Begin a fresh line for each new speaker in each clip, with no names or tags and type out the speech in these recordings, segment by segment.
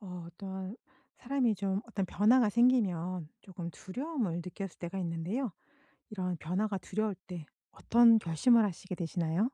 어 또한 사람이 좀 어떤 변화가 생기면 쪼금 두려움을 느껴질 때가 있는데요. 이런 변화가 두려울 때 어떤 결심을 하시게 되시나요?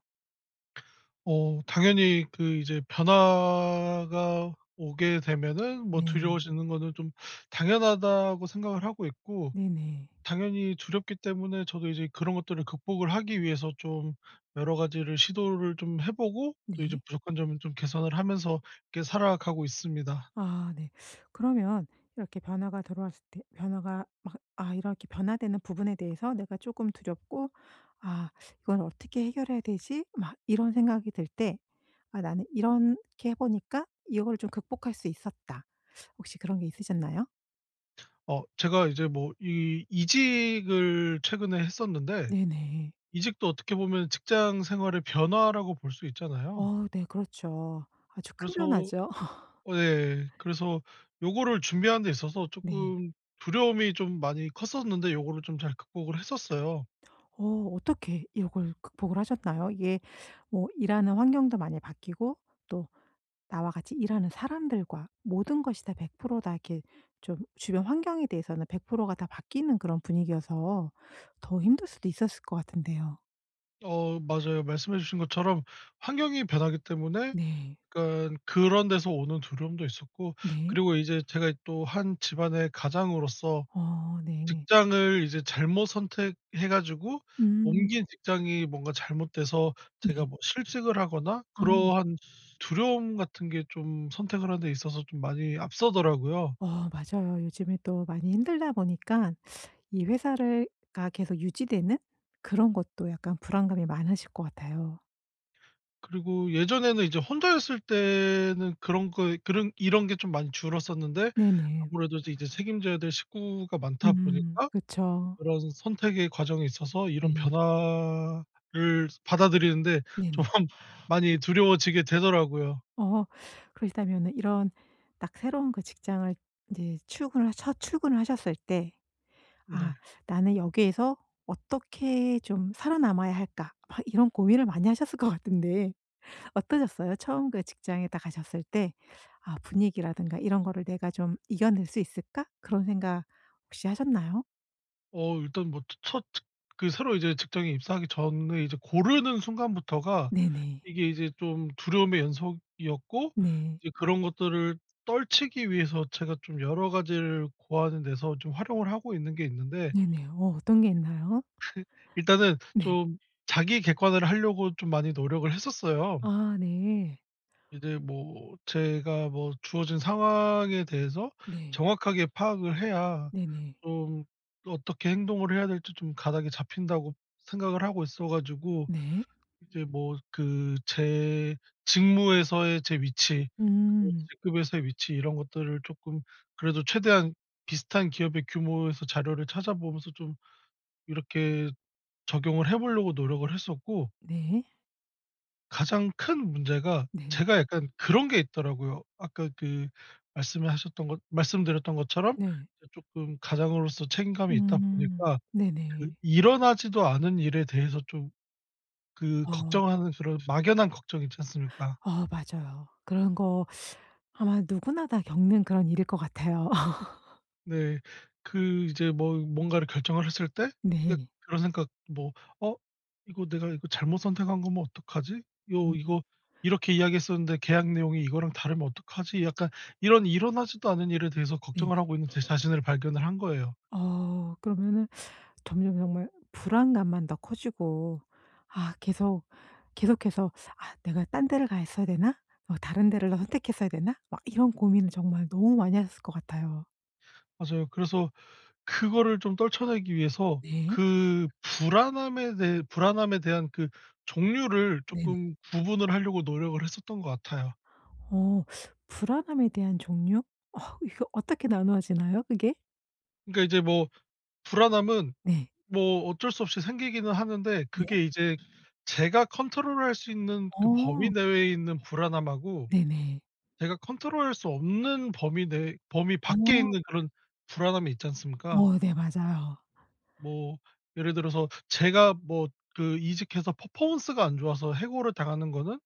어 당연히 그 이제 변화가 오게 되면은 뭐
네.
두려워지는 거는 좀 당연하다고 생각을 하고 있고
네네.
당연히 두렵기 때문에 저도 이제 그런 것들을 극복을 하기 위해서 좀 여러 가지를 시도를 좀 해 보고 또 이제
네.
부족한 점을 좀 개선을 하면서 이렇게 살아가고 있습니다.
아 네. 그러면 이렇게 변화가 들어왔을 때 변화가 막 아 이렇게 변화되는 부분에 대해서 내가 조금 두렵고 '아 이건 어떻게 해결해야 되지?' 막 이런 생각이 들 때 아 나는 이렇게 해보니까 이거를 좀 극복할 수 있었다. 혹시 그런 게 있으셨나요?
어 제가 이제 뭐 이 이직을 최근에 했었는데
네네.
이직도 어떻게 보면 직장 생활의 변화라고 볼 수 있잖아요.
어 네 그렇죠. 아주 큰
그래서
변화죠.
어 예. 그래서 요거를 준비하는 데 있어서
네.
조금 두려움이 좀 많이 컸었는데 요거를 좀 잘 극복을 했었어요.
어 어떻게 요걸 극복을 하셨나요? 이게 뭐 일하는 환경도 많이 바뀌고 또 나와 같이 일하는 사람들과 모든 것이 다 100% 다 이렇게 좀 주변 환경에 대해서는 100% 가 다 바뀌는 그런 분위기여서 더 힘들 수도 있었을 것 같은데요.
어 맞아요. 말씀해 주신 것처럼 환경이 변하기 때문에
네.
약간 그런 데서 오는 두려움도 있었고
네.
그리고 이제 제가 또 한 집안의 가장으로서
어 네.
직장을 이제 잘못 선택해 가지고
음.
옮긴 직장이 뭔가 잘못돼서
네.
제가 뭐 실직을 하거나
아.
그러한 두려움 같은 게 좀 선택을 하는 데 있어서 좀 많이 앞서더라고요.
어 맞아요. 요즘에 또 많이 힘들다 보니깐 이 회사를 가 계속 유지되는 그런 것도 약간 불안감이 많으실 것 같아요.
그리고 예전에는 이제 혼자였을 때는 그런 거 그런 이런 게 좀 많이 줄었었는데
네네.
아무래도 이제 책임져야 될 식구가 많다
음.
보니까
그쵸.
그런 선택의 과정에 있어서 이런
네.
변화를 받아들이는 데 좀
네네.
많이 두려워지게 되더라고요.
어. 그러시다면은 이런 딱 새로운 그 직장을 이제 출근을 첫 출근을 하셨을 때 '아
네.
나는 여기에서 어떻게 좀 살아남아야 할까?' 막 이런 고민을 많이 하셨을 것 같은데 어떠셨어요? 처음 그 직장에 딱 가셨을 때 아 분위기라든가 이런 거를 '내가 좀 이겨낼 수 있을까?' 그런 생각 혹시 하셨나요?
어 일단 뭐 츠 첫 츳 그 새로 이제 직장에 입사하기 전에 이제 고르는 순간부터가
네네.
이게 이제 좀 두려움의 연속이었고
네.
이제 그런 것들을 떨치기 위해서 제가 좀 여러 가지를 고하는 데서 좀 활용을 하고 있는 게 있는데
네네. 어. 어떤 게 있나요?
일단은
네.
좀 자기 객관화를 하려고 좀 많이 노력을 했었어요.
아 네.
이제 뭐 제가 뭐 '주어진 상황에 대해서
네.
정확하게 파악을 해야
네네.
좀 또 어떻게 행동을 해야 될지 좀 가닥이 잡힌다.'고 생각을 하고 있어 가지고
네.
이제 뭐 그 제 직무에서의 제 위치 그리고
음.
직급에서의 위치 이런 것들을 쪼끔 그래도 최대한 비슷한 기업의 규모에서 자료를 찾아보면서 좀 이렇게 적용을 해보려고 노력을 했었고
네.
가장 큰 문제가
네.
제가 약간 그런 게 있더라고요. 아까 그 말씀을 하셨던 거 말씀드렸던 것처럼
네.
이제 쪼끔 가장으로서 책임감이 있다
음.
보니까
네네.
그 일어나지도 않은 일에 대해서 좀 그
어.
걱정하는 그런 막연한 걱정이 있지 않습니까?
어 맞아요. 그런 거 아마 누구나 다 겪는 그런 일일 것 같아요.
네. 그 이제 뭐 뭔가를 결정을 했을 때 이게
네.
그런 생각 뭐 '어 이거 내가 이거 잘못 선택한 거면 어떡하지?' '야
어머나.
이거 이렇게 이야기했었는데 계약 내용이 이거랑 다르면 어떡하지?' 약간 이런 일어나지도 않은 일에 대해서
네네.
걱정을 하고 있는 제 자신을 발견을 한 거예요.
어 그러면은 점점 정말 불안감만 더 커지고 아 계속, 계속해서 '아 내가 딴 데를 가 있어야 되나?' '어 다른 데를 더 선택했어야 되나?' 막 이런 고민을 정말 너무 많이 하셨을 것 같아요.
맞아요. 그래서 그거를 좀 떨쳐내기 위해서
네.
그 불안함에 대해 불안함에 대한 그 종류를
네네.
조금 구분을 하려고 노력을 했었던 것 같아요.
어 불안함에 대한 종류? 어 이거 어떻게 나누어지나요? 그게?
그러니까 이제 뭐 불안함은
네.
뭐 어쩔 수 없이 생기기는 하는데
네.
그게 이제 제가 컨트롤할 수 있는 그 범위
어.
내에 있는 불안함하고
네네.
제가 컨트롤할 수 없는 범위 내에 범위 밖에
어.
있는 그런 불안함이 있지 않습니까?
오 네 맞아요.
뭐 예를 들어서 제가 뭐 그 이직해서 퍼포먼스가 안 좋아서 해고를 당하는 거는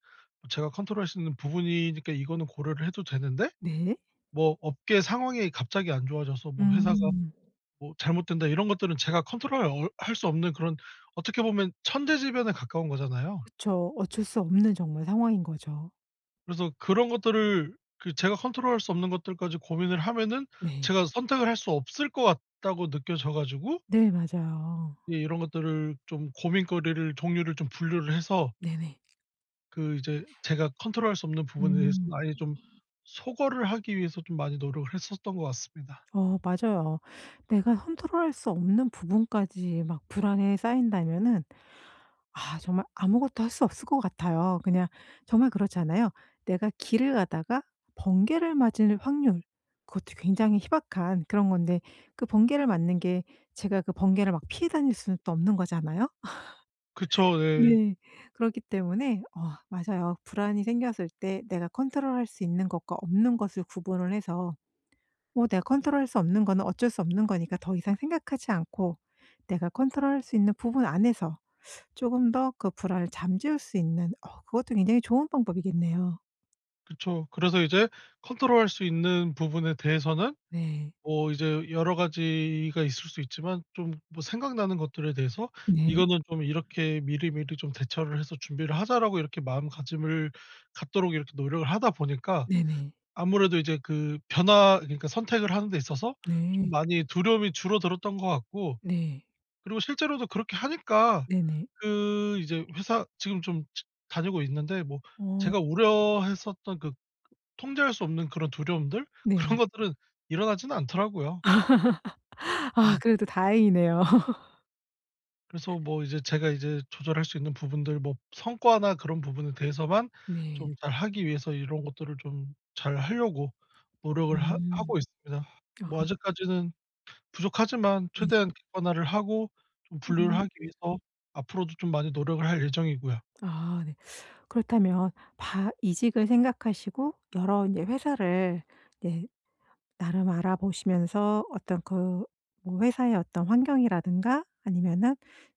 제가 컨트롤할 수 있는 부분이니까 이거는 고려를 해도 되는데
네.
뭐 업계 상황이 갑자기 안 좋아져서 뭐 '회사가
음.
뭐 잘못된다.' 이런 것들은 제가 컨트롤 하기 어 할 수 없는 그런 어떻게 보면 천재지변에 가까운 거잖아요.
그쵸. 어쩔 수 없는 정말 상황인 거죠.
그래서 그런 것들을 그 제가 컨트롤 할 수 없는 것들까지 고민을 하면은
네.
제가 '선택을 할 수 없을 것 같다.'고 느껴져 가지고
네 맞아요.
예 이런 것들을 좀 고민거리를 종류를 좀 분류를 해서
네네.
그 이제 제가 컨트롤할 수 없는 부분에
음.
대해서는 아예 좀 소거를 하기 위해서 좀 많이 노력을 했었던 것 같습니다.
어 맞아요. 내가 컨트롤 할 수 없는 부분까지 막 불안에 싸인다면은 아 정말 아무것도 할 수 없을 것 같아요. 그냥 정말 그렇잖아요. 내가 길을 가다가 번개를 맞을 확률 그것도 굉장히 희박한 그런 건데 그 번개를 맞는 게 제가 그 번개를 막 피해 다닐 수는 또 없는 거잖아요?
그쵸. 네.
네. 그렇기 때문에 어 맞아요. 불안이 생겼을 때 내가 컨트롤 할 수 있는 것과 없는 것을 구분을 해서 뭐 내가 컨트롤 할 수 없는 거는 어쩔 수 없는 거니까 더 이상 생각하지 않고 내가 컨트롤 할 수 있는 부분 안에서 쪼금 더 그 불안을 잠재울 수 있는 어 그것도 굉장히 좋은 방법이겠네요.
그쵸. 그래서 이제 컨트롤할 수 있는 부분에 대해서는
네.
뭐 이제 여러 가지가 있을 수 있지만 좀 뭐 생각나는 것들에 대해서
네.
이거는 좀 이렇게 '미리미리 좀 대처를 해서 준비를 하자.'라고 이렇게 마음가짐을 갖도록 이렇게 노력을 하다 보니까
네네.
아무래도 이제 그 변화 그러니까 선택을 하는 데 있어서 좀
네.
많이 두려움이 줄어들었던 것 같고
네.
그리고 실제로도 그렇게 하니까
네네.
그 이제 회사 지금 좀 지 다니고 있는데 뭐
어.
제가 우려했었던 그 통제할 수 없는 그런 두려움들?
네.
그런 것들은 일어나진 않더라고요.
아
예.
그래도 다행이네요.
그래서 뭐 이제 제가 이제 조절할 수 있는 부분들 뭐 성과나 그런 부분에 대해서만
네.
좀 잘 하기 위해서 이런 것들을 좀 잘 하려고 노력을 하
음.
하고 있습니다.
아.
뭐 아직까지는 부족하지만
네.
최대한 객관화를 하고 좀 분류를
음.
하기 위해서 앞으로도 좀 많이 노력을 할 예정이고요.
아 네. 그렇다면 바 이직을 생각하시고 여러 인제 회사를 네 나름 알아보시면서 어떤 그 뭐 회사의 어떤 환경이라든가 아니면은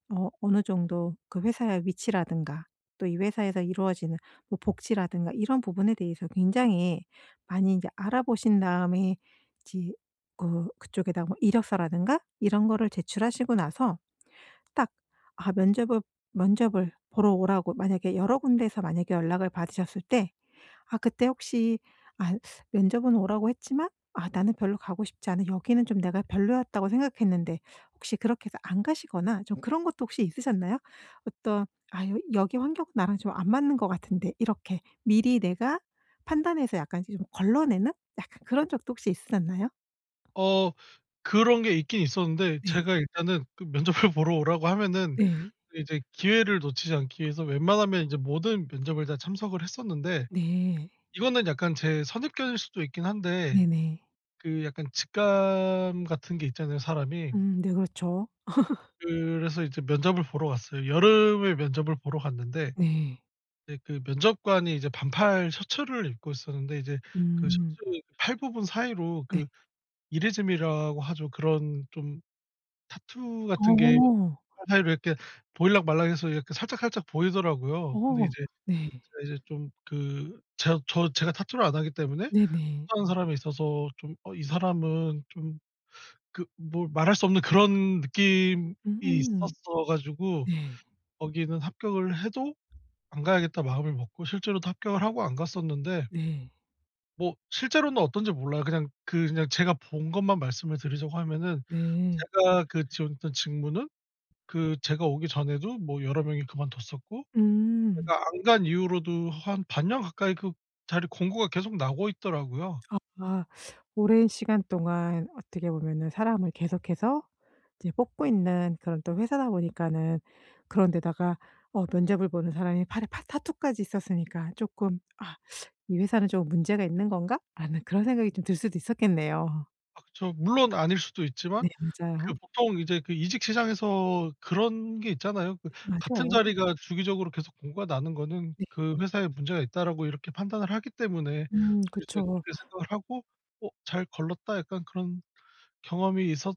어 어느 정도 그 회사의 위치라든가 또 이 회사에서 이루어지는 뭐 복지라든가 이런 부분에 대해서 굉장히 많이 인제 알아보신 다음에 이제 어 그쪽에다가 뭐 이력서라든가 이런 거를 제출하시고 나서 딱 아 면접을, 면접을 보러 오라고 만약에 여러 군데서 만약에 연락을 받으셨을 때 아 그때 혹시 아 면접은 오라고 했지만 '아 나는 별로 가고 싶지 않은 여기는 좀 내가 별로였다.'고 생각했는데 혹시 그렇게 해서 안 가시거나 좀 그런 것도 혹시 있으셨나요? 어떤 '아 여 여기 환경은 나랑 좀 안 맞는 것 같은데.' 이렇게 미리 내가 판단해서 약간 이 좀 걸러내는 약간 그런 적도 혹시 있으셨나요?
어. 그런 게 있긴 있었는데
네.
제가 일단은 그 면접을 보러 오라고 하면은
네.
그 이제 기회를 놓치지 않기 위해서 웬만하면 인제 모든 면접을 다 참석을 했었는데.
네.
이거는 약간 제 선입견일 수도 있긴 한데
네네.
그 약간 직감 같은 게 있잖아요, 사람이.
음. 네. 그렇죠.
그래서 이제 면접을 보러 갔어요. 여름에 면접을 보러 갔는데
네.
예 그 면접관이 이제 반팔 셔츠를 입고 있었는데 이제 그
음.
셔츠 팔 부분 사이로
네.
그 이레즈미라고 하죠? 그런 좀 타투 같은 게
어.
팔 사이로 이렇게 보일락 말락 해서 이렇게 살짝살짝 보이더라고요. 근데
어.
이제
네.
제가 이제 좀 그 저 저 제가 타투를 안 하기 때문에
네네.
타투 한 사람에 있어서 좀 어 '이 사람은' 좀 그 뭐 말할 수 없는 그런 느낌이
으음.
있었어 가지고
네.
거기는 '합격을 해도 안 가야겠다.' 마음을 먹고 실제로도 합격을 하고 안 갔었는데
네.
뭐 실제로는 어떤지 몰라요. 그냥 그 그냥 제가 본 것만 말씀을 드리자고 하면은
네.
제가 그 지원했던 직무는 그 제가 오기 전에도 뭐 여러 명이 그만뒀었고
음.
제가 안 간 이후로도 한 반년 가까이 그 자리 공고가 계속 나고 있더라고요.
아 오랜 시간 동안 어떻게 보면은 사람을 계속해서 이제 뽑고 있는 그런 또 회사다 보니까는 그런 데다가 어 면접을 보는 사람이 팔에 파 타투까지 있었으니까 쪼끔 '아 이 회사는 좀 문제가 있는 건가?' 하는 그런 생각이 좀 들 수도 있었겠네요.
아 그쵸. 물론 아닐 수도 있지만
네 맞아요.
그 보통 이제 그 이직 시장에서 그런 게 있잖아요. 그
네
같은
맞아요.
자리가 주기적으로 계속 공고가 나는 거는
네.
'그 회사에 문제가 있다.'라고 이렇게 판단을 하기 때문에
음
저도 이제
그쵸.
그렇게 생각을 하고 '어 잘 걸렀다.' 약간 그런 경험이 있었던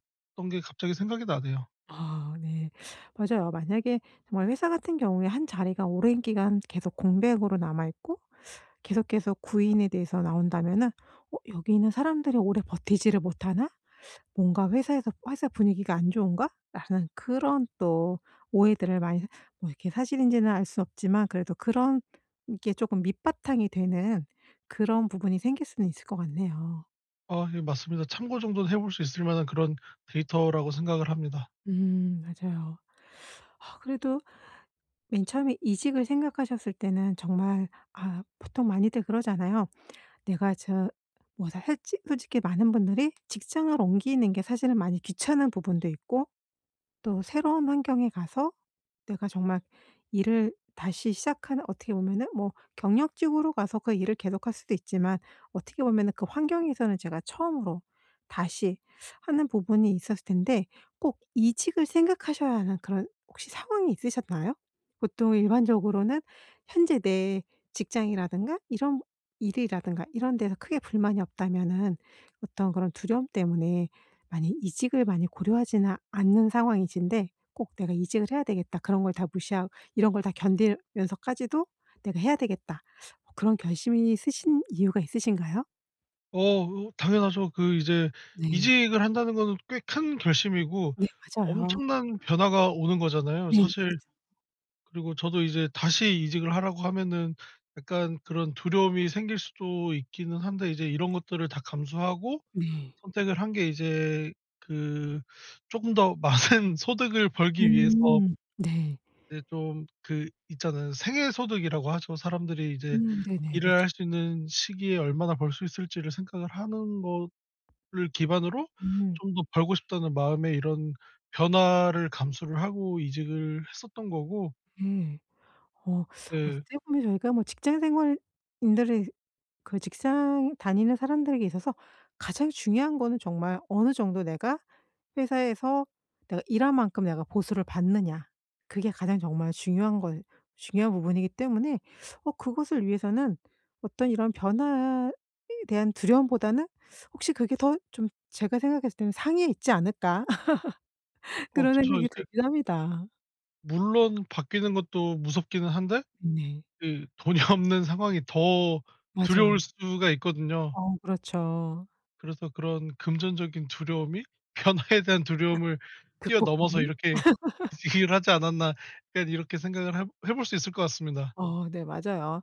게 갑자기 생각이 나네요.
아 네 맞아요. 만약에 정말 회사 같은 경우에 1 자리가 오랜 기간 계속 공백으로 남아 있고 계속해서 구인에 대해서 나온다면은 어 '여기 있는 사람들이 오래 버티지를 못하나?' 뭔가 회사에서 '회사 분위기가 안 좋은가?'라는 그런 또 오해들을 많이 뭐 이렇게 사실인지는 알 수 없지만 그래도 그런 게 조금 밑바탕이 되는 그런 부분이 생길 수는 있을 것 같네요.
아 예 맞습니다. 참고 정도는 해 볼 수 있을 만한 그런 데이터라고 생각을 합니다.
음 맞아요. 아 그래도 맨 처음에 이직을 생각하셨을 때는 정말 아 보통 많이들 그러잖아요. 내가 저 뭐 다 했지 솔직히 많은 분들이 직장을 옮기는 게 사실은 많이 귀찮은 부분도 있고 또 새로운 환경에 가서 내가 정말 일을 다시 시작하는 어떻게 보면은 뭐 경력직으로 가서 그 일을 계속할 수도 있지만 어떻게 보면은 그 환경에서는 제가 처음으로 다시 하는 부분이 있었을 텐데 꼭 이직을 생각하셔야 하는 그런 혹시 상황이 있으셨나요? 보통 일반적으로는 현재 내 직장이라든가 이런 일이라든가 이런 데서 크게 불만이 없다면은 어떤 그런 두려움 때문에 많이 이직을 많이 고려하지는 않는 상황이신데 꼭 '내가 이직을 해야 되겠다.' 그런 걸 다 무시하 이런 걸 다 견디면서까지도 '내가 해야 되겠다.' 뭐 그런 결심이 서신 이유가 있으신가요?
어 으 당연하죠. 그 이제
네.
이직을 한다는 거는 꽤 큰 결심이고
네 맞아요.
엄청난 변화가 오는 거잖아요.
네네.
사실
그렇죠.
그리고 저도 이제 다시 이직을 하라고 하면은 약간 그런 두려움이 생길 수도 있기는 한데 이제 이런 것들을 다 감수하고
네.
선택을 한 게 이제 그 조금 더 많은 소득을 벌기 위해서
음. 네.
네 좀 그 있잖아요. 생애 소득이라고 하죠. 사람들이 이제
음, 네네.
일을
그렇죠.
할 수 있는 시기에 얼마나 벌 수 있을지를 생각을 하는 거를 기반으로
음.
'좀 더 벌고 싶다.'는 마음에 이런 변화를 감수를 하고 이직을 했었던 거고
예. 어
예.
어떻게 보면 저희가 뭐 직장 생활인들이 그 직장 다니는 사람들에게 있어서 가장 중요한 거는 정말 어느 정도 내가 회사에서 내가 일한 만큼 내가 보수를 받느냐? 그게 가장 정말 중요한 거 중요한 부분이기 때문에 어 그것을 위해서는 어떤 이런 변화에 대한 두려움보다는 혹시 그게 더 좀 제가 생각했을 때는 '상위에 있지 않을까?'
어
그런
그쵸.
생각이
이제
들긴 합니다.
물론 바뀌는 것도 무섭기는 한데
네.
그 돈이 없는 상황이 더
맞아요.
두려울 수가 있거든요.
어 그렇죠.
그래서 그런 '금전적인 두려움이 변화에 대한 두려움을 뛰어 넘어서
극복하는?
이렇게 이직을 하지 않았나.' 그러니까 이렇게 생각을 해 볼 해 볼 수 있을 것 같습니다.
어 네 맞아요.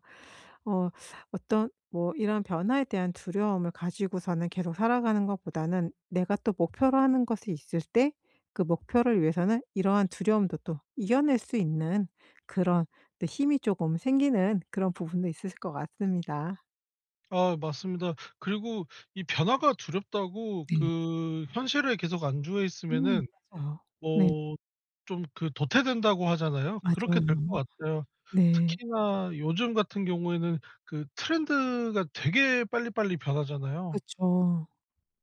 어 어떤 뭐 이런 변화에 대한 두려움을 가지고서는 계속 살아가는 것보다는 내가 또 목표로 하는 것이 있을 때 그 목표를 위해서는 이러한 두려움도 또 이겨낼 수 있는 그런 네 힘이 쪼금 생기는 그런 부분도 있으실 것 같습니다.
아 맞습니다. 그리고 이 변화가 두렵다고
네.
그 현실에 계속 안주해
음.
있으면은
맞아요. 네.
뭐 좀 그 '도태된다.'고 하잖아요. 그렇게
맞아요.
될 것 같아요.
네.
특히나 요즘 같은 경우에는 그 트렌드가 되게 빨리빨리 변하잖아요.
그쵸.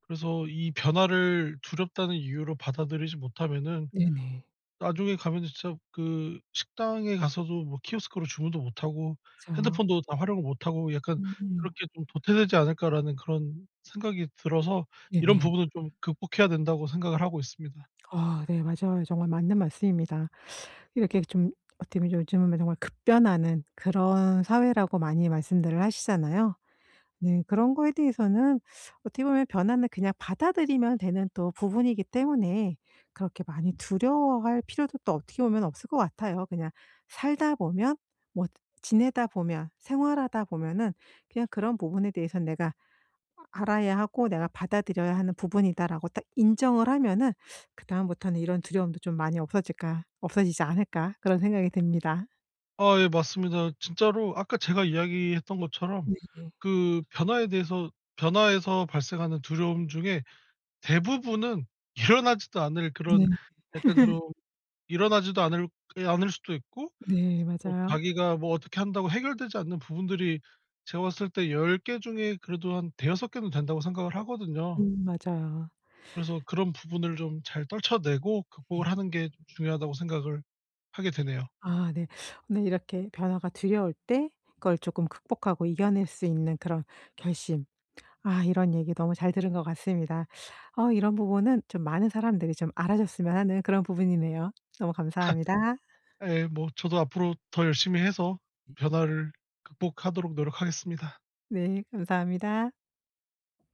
그래서 이 변화를 두렵다는 이유로 받아들이지 못하면은
네네.
나중에 가면은 진짜 그 식당에 가서도 뭐 키오스크로 주문도 못하고
맞아요.
핸드폰도 다 활용을 못하고 약간
음음.
그렇게 좀 '도태되지 않을까?'라는 그런 생각이 들어서 이런
네네.
부분은 좀 극복해야 된다고 생각을 하고 있습니다.
아 네 맞아요. 정말 맞는 말씀입니다. 이렇게 좀 어떻게 보면 요즘은 정말 급변하는 그런 사회라고 많이 말씀들을 하시잖아요. 네 그런 거에 대해서는 어떻게 보면 변화는 그냥 받아들이면 되는 또 부분이기 때문에 그렇게 많이 두려워할 필요도 또 어떻게 보면 없을 것 같아요. 그냥 살다 보면 뭐 지내다 보면 생활하다 보면은 그냥 그런 부분에 대해서는 '내가 아 알아야 하고 내가 받아들여야 하는 부분이다.'라고 딱 인정을 하면은 그 다음부터는 '이런 두려움도 좀 많이 없어질까 없어지지 않을까?' 그런 생각이 듭니다.
아 예. 맞습니다. 진짜로 아까 제가 이야기했던 것처럼
네 예.
그 변화에 대해서 변화에서 발생하는 두려움 중에 대부분은 일어나지도 않을 그런
네.
약간 좀 일어나지도 않을 게 않을 수도 있고
네
뭐
맞아요.
자기가 뭐 어떻게 한다고 해결되지 않는 부분들이 제가 봤을 때 10 개 중에 그래도 한 5-6 개는 된다고 생각을 하거든요.
음 맞아요.
그래서 '그런 부분을 좀 잘 떨쳐내고
예.
극복을 하는 게 중요하다.'고 생각을 하게 되네요.
아 네. 오늘 이렇게 변화가 두려울 때 그걸 조금 극복하고 이겨낼 수 있는 그런 결심. 아 이런 얘기 너무 잘 들은 것 같습니다. 어 이런 부분은 좀 많은 사람들이 좀 알아줬으면 하는 그런 부분이네요. 너무 감사합니다.
예 뭐 저도 앞으로 더 열심히 해서
음.
변화를 극복하도록 노력하겠습니다.
네. 감사합니다.